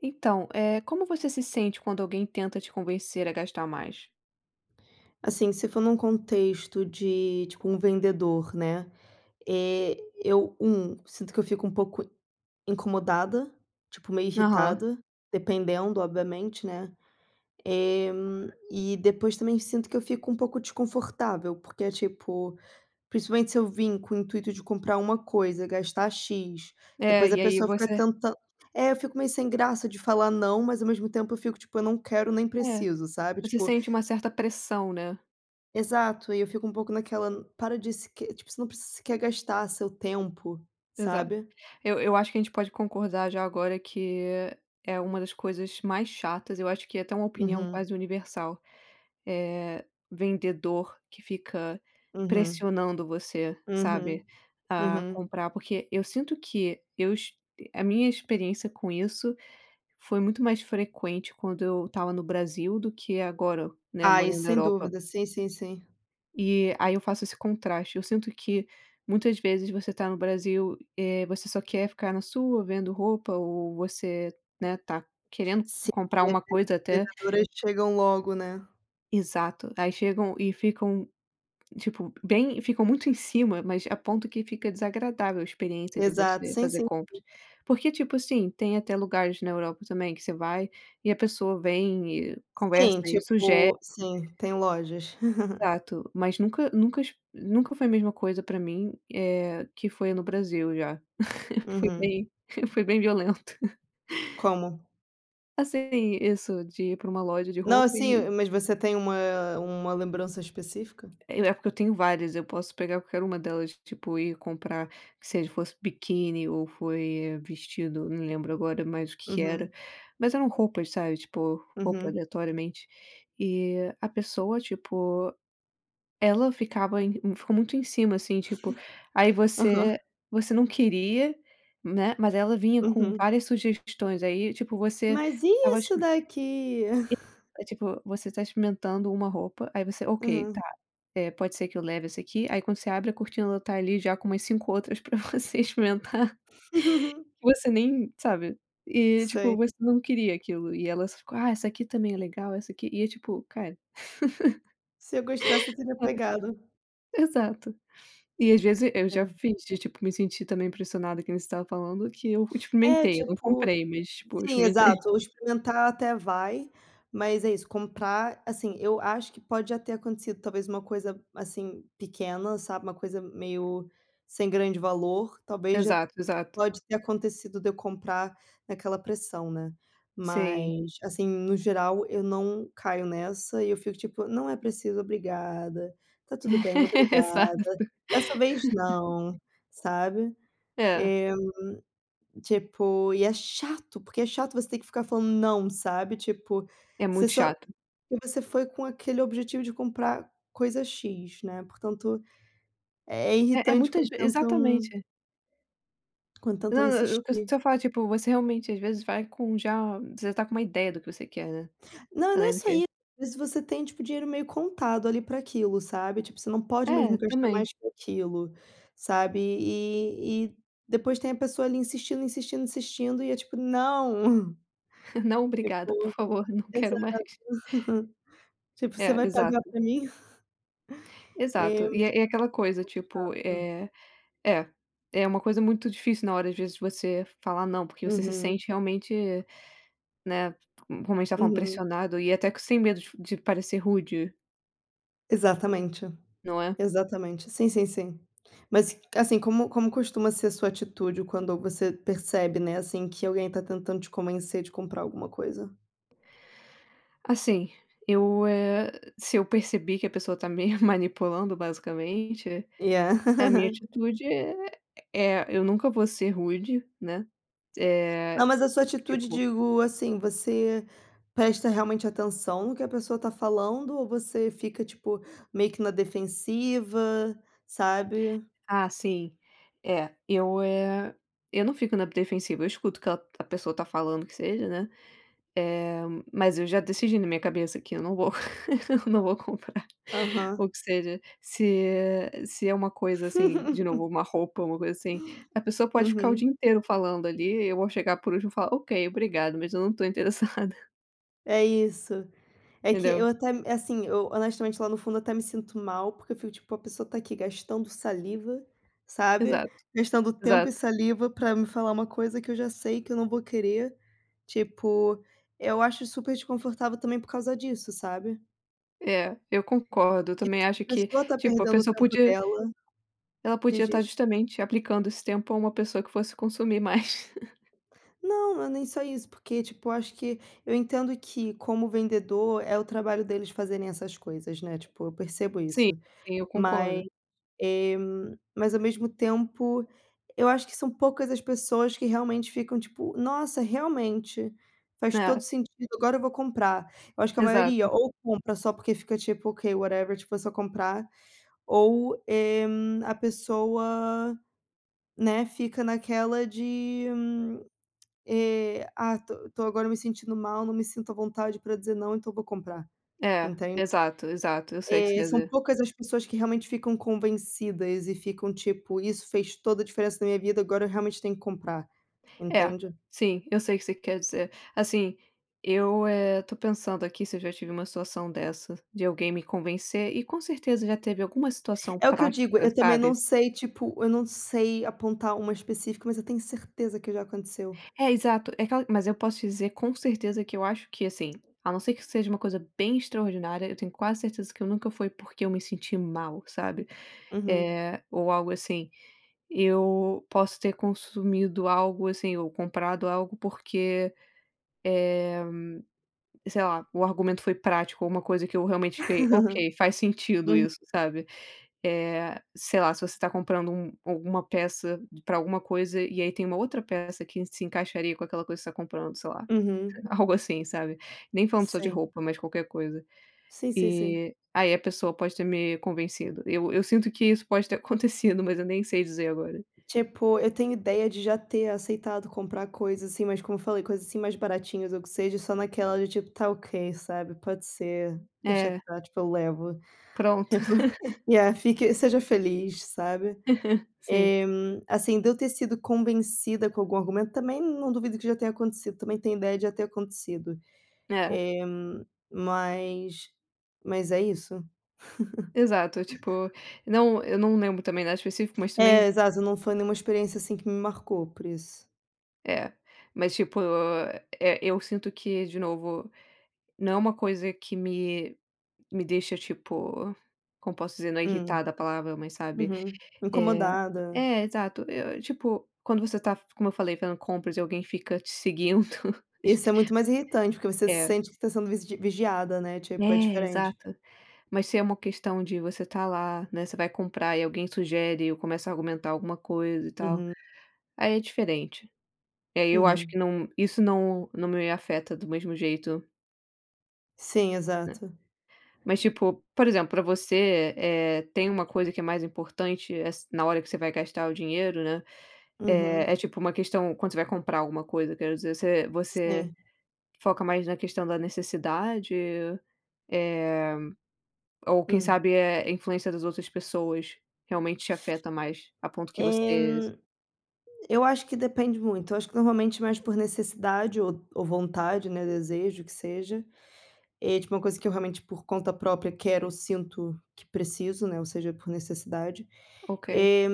Então, eh, como você se sente quando alguém tenta te convencer a gastar mais? Assim, se for num contexto de, tipo um vendedor, né, eh, eu, 1 sinto que eu fico um pouco incomodada, tipo meio Aham. irritada, dependendo obviamente, né, eh, e depois também sinto que eu fico um pouco desconfortável, porque é tipo, principalmente se eu vim com o intuito de comprar uma coisa, gastar X, É, depois a e aí pessoa fica você tentand é eu fico meio sem graça de falar não, mas ao mesmo tempo eu fico tipo eu não quero nem É, preciso, sabe, você tipo sente uma certa pressão, né? Exato. E eu fico um pouco naquela, hum, para de se que tipo você não preci se quer gastar seu tempo, Exato. sabe. Eu eu acho que a gente pode concordar já agora, que é uma das coisas mais chatas, eu acho que é até uma opinião Uhum. quase universal, eh, vendedor que fica Uhum. pressionando você, sabe, Uhum. a Uhum. comprar, porque eu sinto que eu est a minha experiência com isso foi muito mais frequente quando eu estava no Brasil do que agora, né, Ah, isso morando na sem Europa. dúvida. Sim, sim, sim. E aí eu faço esse contraste. Eu sinto que muitas vezes você tá no Brasil, eh, você só quer ficar na sua vendo roupa ou você, né, tá querendo Sim, comprar as uma coisa até vendedoras chegam logo, né. Exato. Aí chegam e ficam, tipo, bem ficam muito em cima, mas a ponto que fica desagradável a experiência de Exato, você sim, fazer sim. compras porque, tipo assim, tem até lugares na Europa também, que você vai e a pessoa vem e conversa Sim, e sugere. tipo sim, tem lojas. Exato, mas nunca nunca es nunca foi a mesma coisa pra mim, eh, que foi no Brasil já. Foi Uhum. bem foi bem violento. Como? Assim, isso de ir para uma loja de Não roupa e sim, mas você tem uma uma lembrança específica? E é porque eu tenho várias. Eu posso pegar qualquer uma delas, tipo ir comprar, que seja fosse biquíni ou foi vestido. Não lembro agora mais o que que era, Uhum. mas eram roupas sabe, tipo roupa Uhum. aleatoriamente e a pessoa tipo, ela ficava em ficou muito em cima, assim, tipo aí Aham. você você não queria, né. Mas ela vinha com Uhum. várias sugestões, aí tipo, você Mas e estava isso exp daqui? E é tipo você tá experimentando uma roupa, aí você, ok, tá, Uhum. eh, pode ser que eu leve esse aqui, aí quando você abre a cortina ela está ali já com umas 5 outras para você experimentar. Você nem, sabe. E tipo Sei. você não queria aquilo e elas ficam: "Ah, essa aqui também é legal, essa aqui." E é tipo cara. Se eu gostasse eu teria Ai, pegado. exato e às vezes eu já Sim. fiz de tipo me sentir também impressionada que nem você estava falando, que eu É experimentei, eu não tipo comprei, mas tipo eu sim experimentei. exato, experimentar até vai, mas é isso, comprar, assim, eu acho que pode até ter acontecido talvez uma coisa, assim, pequena, sabe. Uma coisa meio sem grande valor. Talvez já Exato, exato. pode ter acontecido de eu comprar naquela pressão, né. Sei. Mas assim, no geral eu não caio nessa e eu fico tipo, não é preciso obrigada, tá tudo bem, obrigada, Exato. dessa vez não, sabe. É. Eh, tipo e é chato, porque é chato você ter que ficar falando não, sabe. Tipo, É você muito só chato. e você foi com aquele objetivo de comprar coisa X, né. Portanto, é É, é irritante muitas quando ve tentam exatamente. Quando tentam Não não o que eu insistir. estou a falar tipo, você realmente às vezes vai com já, você tá com uma ideia do que você quer, né? Não, não é Além do só quê isso. Às vezes você tem tipo dinheiro meio contado ali para aquilo, sabe, tipo, você não pode mesmo É gastar também. mais com aquilo, sabe e e e depois tem a pessoa ali insistindo, insistindo, insistindo e é tipo "Não!" Não, obrigada, por Tipo favor, não quero exato. mais. Tipo você É vai pagar exato. pra mim. E Exato fica e é é aquela um coisa pouco tipo, chato. eh, é é uma coisa muito difícil na hora, às vezes você falar não, porque você se Uhum. sente realmente, né. Como a gente estava falando, Uhum. pressionado e até sem medo de de parecer rude. Exatamente Não é? exatamente sim, sim, sim. Mas assim, como como costuma ser a sua atitude quando você percebe, né. Assim, que alguém tá tentando te convencer de comprar alguma coisa? Assim eu, eh, se eu perceber que a pessoa está me manipulando basicamente a minha Yeah. atitude é é eu nunca vou ser rude, né. Não, Eh mas a sua atitude, tipo. digo assim, você presta realmente atenção no que a pessoa tá falando? Ou você fica tipo meio que na defensiva, sabe? Ah, sim, eh, eu, eh, eu não fico na defensiva. Eu escuto que a a pessoa está falando o que seja, né. Eh, mas eu já decidi na minha cabeça que eu não vou, não vou comprar o Aham. que seja, se é se é uma coisa assim de novo, uma roupa, uma coisa assim, a pessoa pode ficar o dia Uhum. inteiro falando ali. Eu vou chegar por último falar ok, obrigado, mas eu não estou interessada. É isso. É que eu Entendeu. até assim, eu honestamente, lá no fundo, até me sinto mal, porque eu fico tipo: "A pessoa está aqui gastando saliva", sabe, Exato. "gastando tempo e Exato. saliva para me falar uma coisa que eu já sei que eu não vou querer". Tipo, eu acho super desconfortável também por causa disso, sabe. É, eu concordo, eu também Que a acho que pessoa está tipo, a perdendo o pessoa tempo podia dela. ela De podia estar ges justamente aplicando esse tempo a uma pessoa que fosse consumir mais. Não, não é nem só isso, porque tipo, eu acho que eu entendo que, como vendedor, é o trabalho deles fazerem essas coisas, né, tipo, eu percebo Sim, isso. sim, eu concordo. Mas, eh, mas ao mesmo tempo, eu acho que são poucas as pessoas que realmente ficam tipo: "Nossa, realmente. Faz todo o É. sentido, agora eu vou comprar." Eu acho que a maioria Exato. ou compra só porque fica tipo: "Ok, whatever." Tipo, é só comprar. Ou, eh, a pessoa né, fica naquela de eh: "Ah, estou estou agora me sentindo mal, não me sinto à vontade para dizer não, então eu vou comprar", É. entende. Exato, exato. Eu sei o que você É, quer são dizer. poucas as pessoas que realmente ficam convencidas, e ficam tipo: "Isso fez toda a diferença na minha vida, agora eu realmente tenho que comprar", É, entende. sim, eu sei o que você quer dizer. Assim eu, eh, estou pensando aqui se eu já tive uma situação dessas, de alguém me convencer. E com certeza já teve alguma situação É o que eu digo, prática, eu também não sabe. sei, tipo, eu não sei apontar uma específica, mas eu tenho certeza que já aconteceu. É, exato. É aquela mas eu posso te dizer com certeza que eu acho que, assim a não ser que seja uma coisa bem extraordinária, eu tenho quase certeza que eu nunca foi porque eu me senti mal, sabe Uhum. eh, ou algo assim. Eu posso ter consumido algo, assim, ou comprado algo porque, eh sei lá, o argumento foi prático, ou uma coisa que eu realmente fiquei: "Ok, faz sentido, Uhu isso", sabe. Eh sei lá, se você está comprando um alguma peça para alguma coisa, e aí tem uma outra peça que se encaixaria com aquela coisa que você está comprando, sei lá. Uhum. Algo assim, sabe. Nem falando só de Sim. roupa, mas de qualquer coisa. Sim, sim, sim. E aí a pessoa pode ter me convencido. Eu eu sinto que isso pode ter acontecido, mas eu nem sei dizer agora. Tipo, eu tenho ideia de já ter aceitado comprar coisas assim, mas como eu falei, coisas assim mais baratinhas ou que seja, só naquela de tipo: "Tá ok, sabe, pode ser, deixa É. estar" Tipo: "Eu levo". Pronto. Tipo, Yeah, fique seja feliz, sabe. Sim. Eh, assim, de eu ter sido convencida com algum argumento, também não duvido que já tenha acontecido, também tenho ideia de já ter acontecido. É. Eh, mas mas é isso. Exato, tipo não, eu não lembro também nada específico, mas também Eh, exato, não foi nenhuma experiência assim que me marcou, por isso. É, mas tipo. É, eu sinto que, de novo, não é uma coisa que me me deixa, tipo, como posso dizer? Não é Hum. irritada a palavra, mas sabe, Uhum. eh Incomodada. eh, exato. Eu eu, tipo, quando você tá, como eu falei fazendo compras e alguém fica te seguindo. É Esse est é muito mais irritante, porque você se É. sente que está sendo vigi vigiada, né. Tipo é É diferente. exato, mas se é uma questão de você tá lá, né? Você vai comprar e alguém sugere ou começa a argumentar alguma coisa, e tal, Uhum. aí é diferente. E aí eu acho Uhum. que não isso não não me afeta do mesmo jeito. Sim. Né. Exato. Mas tipo, por exemplo, pra você, eh eh, tem uma coisa que é mais importante, eh, as na hora que você vai gastar o dinheiro, né. Eh, Uhum. é tipo uma questão. Quando você vai comprar alguma coisa, quero dizer você você Sim. foca mais na questão da necessidade? Eh, ou quem Hum. sabe, é a influência das outras pessoas realmente te afeta mais a ponto que Eh, hum. você Eu acho que depende muito. Eu acho que normalmente mais por necessidade ou ou vontade, né. Desejo o que seja. É tipo uma coisa que eu realmente, por conta própria, quero ou sinto que preciso, né. Ou seja, por necessidade. Ok. Eh,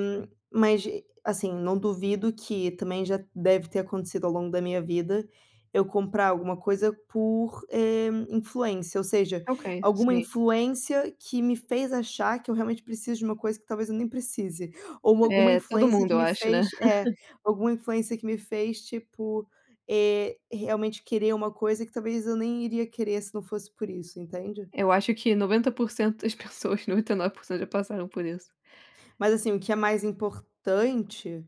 mas assim, não duvido que também já deve ter acontecido ao longo da minha vida eu comprar alguma coisa por, eh, influência, ou seja, Ok, alguma sim. influência que me fez achar que eu realmente preciso de uma coisa que talvez eu nem precise. Ou alguma É todo influência mundo que eu me acho, né. fez eh, alguma influência que me fez tipo, eh, realmente querer uma coisa que talvez eu nem iria querer, se não fosse por isso, entende? Eu acho que 90% das pessoas, 99% já passaram por isso. Mas assim, o que é mais importante,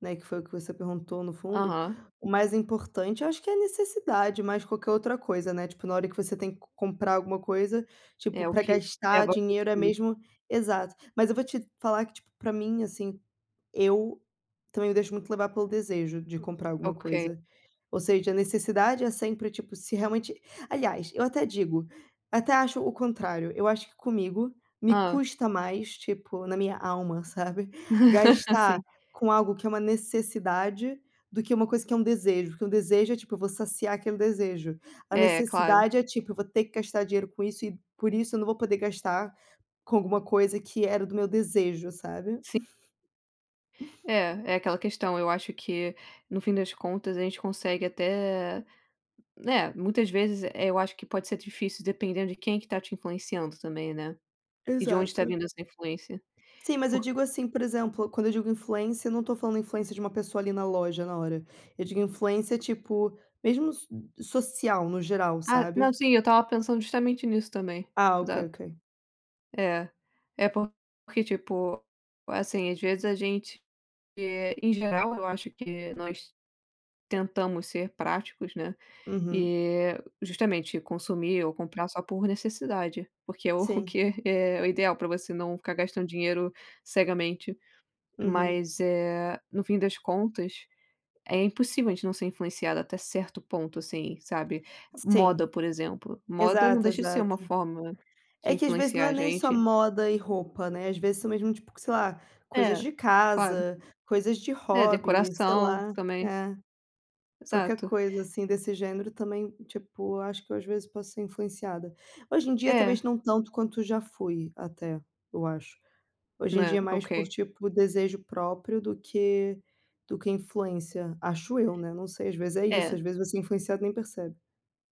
né. Que foi o que você perguntou no fundo. Aham. O mais importante, eu acho que é a necessidade, mais que qualquer outra coisa, né. Tipo na hora que você tem que comprar alguma coisa, tipo É o pra que gastar leva a dinheiro é consumir. mesmo exato. Mas eu vou te falar que tipo para mim, assim, eu também me deixo muito levar pelo desejo de comprar alguma Ok. coisa. Ou seja, a necessidade é sempre, tipo, se realmente Aliás, eu até digo, até acho o contrário. Eu acho que comigo me Ah. custa mais tipo na minha alma, sabe. Gastar Sim. com algo que é uma necessidade do que uma coisa que é um desejo, porque um desejo é tipo eu vou saciar aquele desejo. A É. Claro. necessidade é tipo eu vou ter que gastar dinheiro com isso e por isso eu não vou poder gastar com alguma coisa que era do meu desejo, sabe. Sim. É, é aquela questão. Eu acho que no fim das contas, a gente consegue até, né. Muitas vezes é, eu acho que pode ser difícil, dependendo de quem que tá te influenciando também, né. E de onde está Exato. vindo essa influência Sim, mas eu por digo assim, por exemplo, quando eu digo influência, eu não estou falando influência de uma pessoa ali na loja, na hora. Eu digo influência tipo mesmo no so social no geral, Ah, não, sabe? sim, eu estava pensando justamente nisso também. Ah, ok, Exato. ok. É, é porque, tipo, assim, às vezes a gente, eh, em geral, eu acho que nós tentamos ser práticos, né. Uhum. E justamente consumir ou comprar só por necessidade, porque é o Sim. que é o ideal para você não ficar gastando dinheiro cegamente. Uhum. Mas, eh, no fim das contas, é impossível a gente não ser influenciado até certo ponto assim, sabe. Moda, Sim. por exemplo, moda não Exato, deixa de ser exato. uma forma de É que às vezes não influenciar é a nem só gente. moda e roupa, né. Às vezes são mesmo tipo sei lá, coisas É, de claro. casa, coisas de É, hobby, sei decoração lá, também. é. Qualquer Exato. coisa assim desse gênero também, tipo, acho que eu às vezes posso ser influenciada. Hoje em dia, É. talvez não tanto quanto já fui até, eu acho. Hoje em dia Né. é mais por Ok. tipo desejo próprio do que do que influência. Acho eu, né? Não sei, às vezes é isso. É. Às vezes você é influenciado e nem percebe.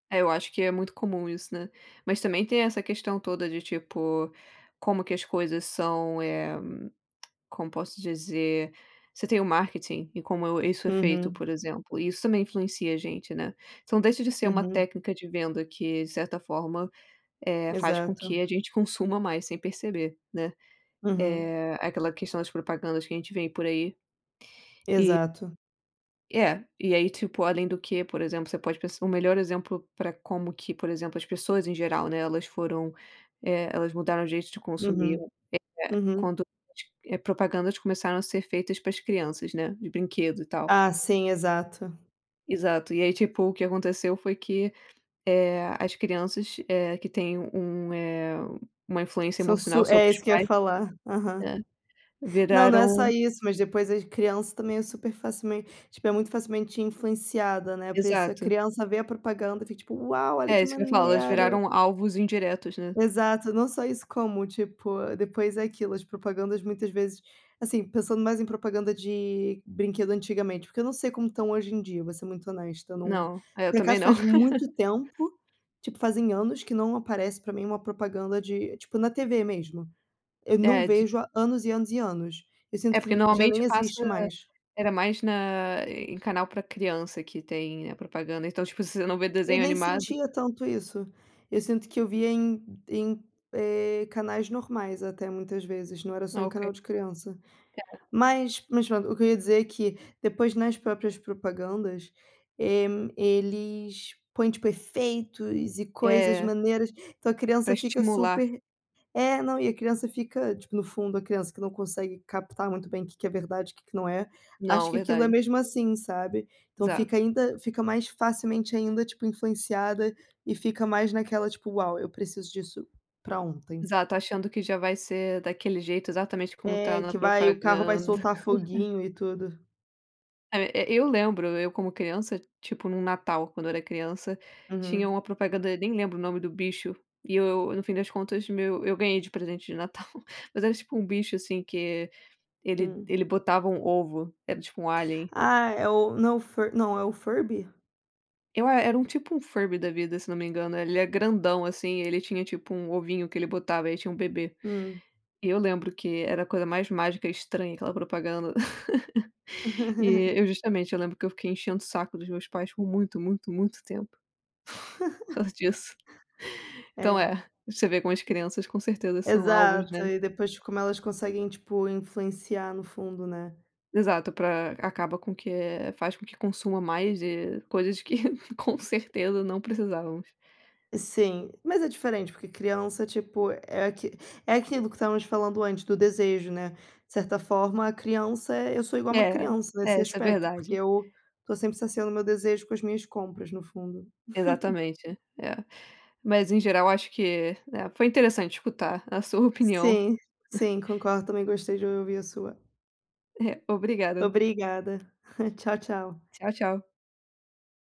É, eu acho que é muito comum isso, né. Mas também tem essa questão toda de tipo, como que as coisas são, eh, como posso dizer? Você tem o marketing, e como eu, isso é feito, Uhum. por exemplo, isso também influencia a gente, né. Então deixa de ser uma Uhum. técnica de venda que, de certa forma, eh, faz com que Exato. a gente consuma mais sem perceber, né. Uhum. É aquela questão das propagandas que a gente vê por aí. E Exato. É, e aí, tipo, além do que, por exemplo, você pode p o melhor exemplo para como que, por exemplo, as pessoas em geral, né. Elas foram, eh, elas mudaram o jeito de consumir. Uhum, É Uhum. quando é propagandas começaram a ser feitas para as crianças, né. De brinquedo e tal. Ah, sim. Exato. Exato. E aí, tipo o que aconteceu foi que, eh, as crianças, eh, que têm um um, eh, uma influência São emocional su sobre é os isso que eu ia pais. falar. Aham. Né, Não não é só viraram isso, mas depois as crianças também é super facilmen tipo é muito facilmente influenciada, né. Por isso a Exato. criança vê a propaganda, fica tipo: "Uau! Olha É, que isso que eu falo. Elas maneiro." viraram alvos indiretos, né. Exato, não só isso, como tipo, depois é aquilo, as propagandas muitas vezes, assim, pensando mais em propaganda de brinquedo antigamente, porque eu não sei como estão hoje em dia, vou ser muito honesta, eu não. Não, eu Por também acaso não. faz muito tempo, tipo fazem anos que não aparece para mim uma propaganda de, tipo na TV mesmo. Eu não É de vejo há anos e anos e anos. Eu É sinto porque que já nem normalmente passa. existe mais. Era mais na em canal para criança que tem a propaganda, então tipo, se você não vê Eu desenho nem animado sentia tanto isso. Eu sinto que eu vi em em, eh, canais normais, até muitas vezes não era só Ah, em ok. canal de criança. Era. Mas mas pronto, o que eu ia dizer é que, depois nas próprias propagandas, eh hum, eles põem tipo efeitos e coisas É. maneiras, então a Pra criança fica estimular. super é, não, e a criança fica, tipo no fundo a criança que não consegue captar muito bem o que é verdade, o que que não é. Acho Não, que aquilo é verdade. mesmo, assim, sabe. Então fica Exato. ainda fica mais facilmente ainda, tipo influenciada e fica mais naquela tipo: "Uau! Eu preciso disso pra ontem." Exato. Achando que já vai ser daquele jeito, exatamente como tá É na que vai, o carro vai propaganda. soltar foguinho e tudo. É ve é, eu lembro eu como criança, tipo no Natal, quando eu era criança, tinha Uhum. uma propaganda. Eu nem lembro o nome do bicho e eu eu no fim das contas, meu eu ganhei de presente de Natal, mas era tipo um bicho assim que ele Hum. ele botava um ovo, era tipo um alien. Ah, é o não fur não, é o Furby? Eu a era um tipo um furby da vida, se não me engano, ele é grandão, assim, ele tinha, tipo, um ovinho que ele botava e tinha um bebê. Hum. E eu lembro que era a coisa mais mágica e estranha, aquela propaganda. E, eu justamente, eu lembro que eu fiquei enchendo o saco dos meus pais por muito, muito, muito tempo. Por causa disso. É. Então é, você vê com as crianças, com certeza são alvos, né. Exato, e depois como elas conseguem, tipo, influenciar no fundo, né. Exato, para acaba com o que faz com que consuma mais de coisas que com certeza não precisávamos. Sim, mas é diferente, porque criança, tipo, é aqui é aquilo que estávamos falando antes do desejo, né, de certa forma a criança é eu sou igual a uma É, criança nesse é, isso é aspecto, porque verdade. eu estou sempre saciando o meu desejo com as minhas compras no fundo. Exatamente, é, mas em geral eu acho que, eh, foi interessante escutar a sua opinião. Sim, sim, concordo. Também gostei de ouvir a sua. É. Obrigada. Obrigada, Tchau, tchau. Tchau, tchau.